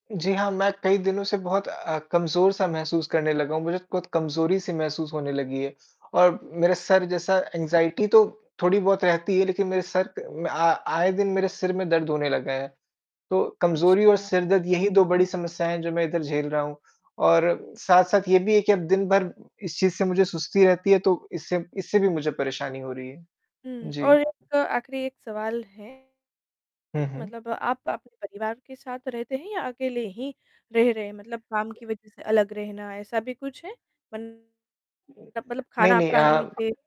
जी हाँ, मैं कई दिनों से बहुत अ, कमज़ोर-सा महसूस करने लगा हूँ, मुझे कुत कमज़ोरी-सी महसूस होने लगी है, और मेरा सर जैसा एंग्जाइटी तो थोड़ी बहुत रहती है लेकिन मेरे सर क अ, म आ आए दिन मेरे सिर में दर्द होने लगा है। तो, कमज़ोरी अच्छा, और उ सिरदर्द यही 2 बड़ी समस्याएँ हैं जो मैं इधर झेल रहा हूँ, और साथ-साथ ये भी है कि अब दिन भर इस चीज़ से मुझे सुस्ती रहती है तो इससे इससे भी मुझे परेशानी हो रही है। हुँ, जी। और एक आखिरी एक सवाल है, हुँ, हुँ। मतलब आप अपने परिवार के साथ रहते हैं या अकेले ही रह रहे हैं? मतलब काम की वज़ह से अलग रहना ऐसा भी कुछ है? बन मत मतलब नहीं, खाना नहीं आपका अनियमित है? अ